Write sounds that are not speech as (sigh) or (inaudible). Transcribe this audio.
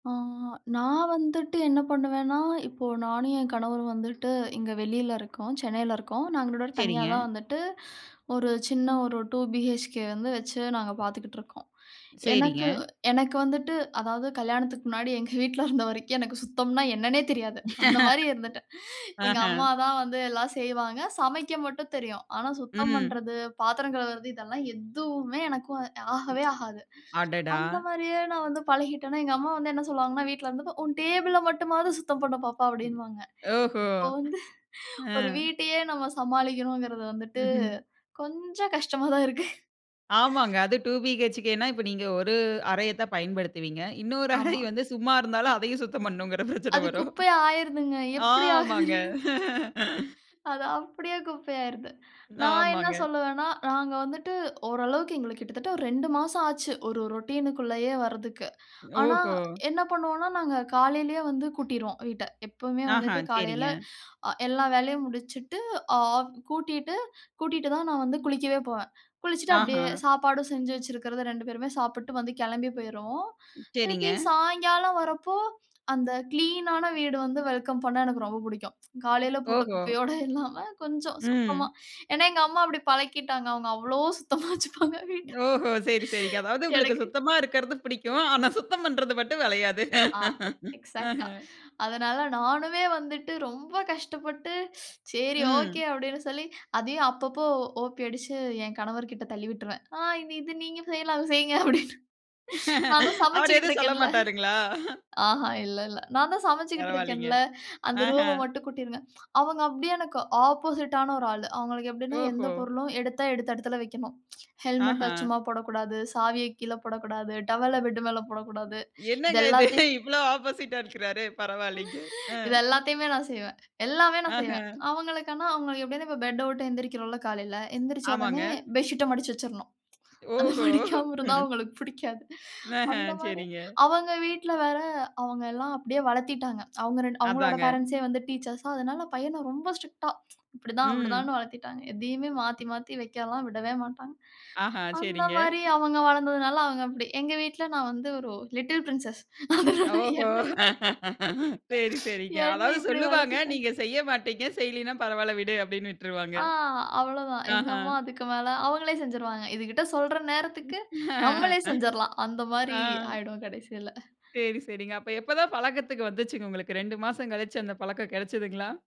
ஆ நான் வந்துட்டு என்ன பண்ணுவேன்னா, இப்போ நானும் என் கணவரும் வந்துட்டு இங்க வெளியில இருக்கோம் சென்னைல இருக்கோம் நாங்க தனியா சரிங்க. தான் வந்துட்டு ஒரு சின்ன ஒரு 2 BHK வந்து வச்சு நாங்க பாத்துக்கிட்டு இருக்கோம். எனக்கு சரிங்க. எனக்கு வந்துட்டு அதாவது கல்யாணத்துக்கு முன்னாடி எங்க வீட்ல இருந்த வரைக்கும் எனக்கு சுத்தம்னா என்னன்னே தெரியாது அந்த மாரி (laughs) இருந்துட்டேன். எங்க ஆஹா. அம்மா தான் வந்து எல்லாம் செய்வாங்க. சமைக்க மட்டும் தெரியும். ஆனா சுத்தம் ம். பண்றது, பாத்திரம் கழுவுறது, இதெல்லாம் எதுவுமே எனக்கும் ம். ஆகவே ஆகாது. அடடா! அந்த மாரியே நான் வந்து பழகிட்டேன்னா எங்க அம்மா வந்து என்ன சொல்லுவாங்கன்னா வீட்ல இருந்த போது "உன் டேபிள மட்டுமாவது சுத்தம் பண்ணு பாப்பா" ம். அப்டின்னுவாங்க ஓஹோ! இப்ப வந்து அ. ஒரு வீட்டையே நம்ம சமாளிக்கணும்ங்கறது வந்துட்டு ம்ஹ்ம். கொஞ்சம் கஷ்டமா தான் இருக்கு. ஆமாங்க அது 2 BHK னா இப்ப நீங்க ஒரு அறைய தான் பயன்படுத்துவீங்க. இன்னொரு அறை ஆமா. வந்து சும்மா இருந்தாலும் அதயும் சுத்தம் பண்ணணும்ன்கிற பிரச்சன அது வரும். குப்பையா ஆயிருதுங்க. எப்டி ஆகுதுனே ஆமாங்க தெரியல்ல. அது (laughs) அப்டியே குப்பையாயிறுது. நான் என்ன ஆமாங்க. சொல்லுவேன்னா, நாங்க வந்துட்டு ஓரளவுக்கு எங்களுக்கு கிட்டத்தட்ட ஒரு 2 மாசம் ஆச்சு. ஒரு ரொட்டினுக்கு உள்ளேயே வர்றதக்கு. ஆனா ஓஹோ. என்ன பண்ணுவோம்னா நாங்க காலயிலேயே வந்து கூட்டிருவோம் வீட்ட. எப்போமே ஆஹா வந்துட்டு காலையில சரிங்க. எல்லா வேலையும் முடிச்சுட்டு, ஆப் கூட்டிட்டு கூட்டிட்டு தான் நான் வந்து குளிக்கவே போவேன். குளிச்சுட்டு அப்டியே ஆஹான். சாப்பாடு செஞ்சு வைச்சிருக்கறத 2 பேருமே சாப்ட்டு வந்து கிளம்பி போயிருவோம். சரிங்க. திருப்பி சாயங்காலம் வரப்போ அந்த கிளீனான வீடு வந்து வெல்கம் பண்ண எனக்கு ரொம்ப புடிக்கும். ம். காலயில போட்ட ஓஹோ! குப்பையோடு இல்லாம கொஞ்சம் சுத்தமா ம். ஏன்னா எங்க அம்மா அப்டி பழக்கிட்டாங்க. அவங்க அவ்ளோ சுத்தமா வச்சுப்பாங்க வீட்ட. ஓஹோ! சரி சரி. அதாவது உங்களுக்கு எனக்கு சுத்தமா இருக்கறது பிடிக்கும். ஆனா சுத்தம் பண்றது மட்டும் வளையாது. ஆ, (laughs) அஹ. எக்ஸாட்டா. அதனால நானுமே வந்துட்டு ரொம்ப கஷ்டப்பட்டு "சரி, ஓகே" ம். அப்டினு சொல்லி அதயும் அப்பப்போ ஓப்பி அடிச்சு என் கணவர் கிட்ட தள்ளி விட்டுருவேன். "ஆ இது நீங்க செய்யலாம். அத செய்யுங்க." அப்டினு. "நானும் (laughs) அவர் சமைச்சுகிட்டு எதும் இருக்கேன்ல. சொல்லமாட்டாருங்களா? ஆஹா இல்ல இல்ல. நான் தான் சமைச்சுகிட்டு பரவால்லிங்க. இருக்கேன்ல. அந்த அஹ. ரூம்ம மட்டும் கூட்டிருங்க." அவங்க அப்டியே எனக்கு ஆப்போசிட்டான ஒரு ஆள. அவங்களுக்கு எப்டினா எந்த ஓஹோ! பொருளும் எடுத்தா எடுத்த இடத்துல வைக்கணும். ஹெல்மெட்ட ஆஹான். சும்மா போடக்கூடாது, சாவியக் கீழ போடக்கூடாது, டவல்ல ம். பெட் மேல போடக்கூடாது. இது என்னங்க இது எல்லாத்தையும் இவ்ளோ ஆப்போசிட்டா இருக்குறாரு பரவால்லிங்க. அ. இது எல்லாத்தையுமே நான் செய்வேன். எல்லாமே நான் செய்வேன். அஹன். அவங்களுக்கு ஆனா அவங்களுக்கு எப்டியும் இப்ப பெட்ட உட்டு எழுந்திரிக்கிறோம்ல காலைல, ஆமாங்க. எந்திரிச்சவுடனே பெட்ஷீட்ட மடிச்சு வச்சுறணும். அத ஓஹோ! மடிக்காம இருந்தா அவங்களுக்கு புடிக்காது. அந்த அஹன் மாரி சரிங்க. அவங்க வீட்ல வேற, அவங்க எல்லாம் அப்டியே வளத்திட்டாங்க. அவங்க 2 அவங்களோட அதாங்க. பேரன்ட்ஸே வந்து டீச்சர்ஸா. அதனால பையன ரொம்ப ஸ்ட்ரிக்ட்டா "இப்படிதான். ம். அப்டிதான்னு." வளர்த்திட்டாங்க. எதையுமே மாத்தி மாத்தி வைக்கலாம் விடவே மாட்டாங்க. ஆஹ, அந்த சரிங்க. மாரி அவங்க வளந்ததுனால அவங்க அப்டி. எங்க வீட்ல நான் வந்து ஒரு "Little Princess" அதனால ஓஹோ! என்னயு (laughs) சரி சரிங்க. என்ன அதாவது இப்டி சொல்லுவாங்க, வளர்த்திட்டாங்க. நீங்க செய்ய மாட்டீங்க செய்லினா "பரவால்ல விடு." அப்டினு விட்ருவாங்க. ஆ அவ்வளதான். எங்க ஆஹா. அம்மா அதுக்கு மேல அவங்களே செஞ்சிருவாங்க." இதுகிட்ட சொல்ற நேரத்துக்கு நம்மளே (laughs) செஞ்சிறலாம்." அந்த மாரி ஆ. ஆயிடும் கடைசீல. சரி சரிங்க. அப்ப எப்பதான் பழக்கத்துக்கு வந்துச்சுங்க உங்களுக்கு? 2 மாசம் கழித்து அந்த பழக்கம் கெடச்சசுதுங்களா?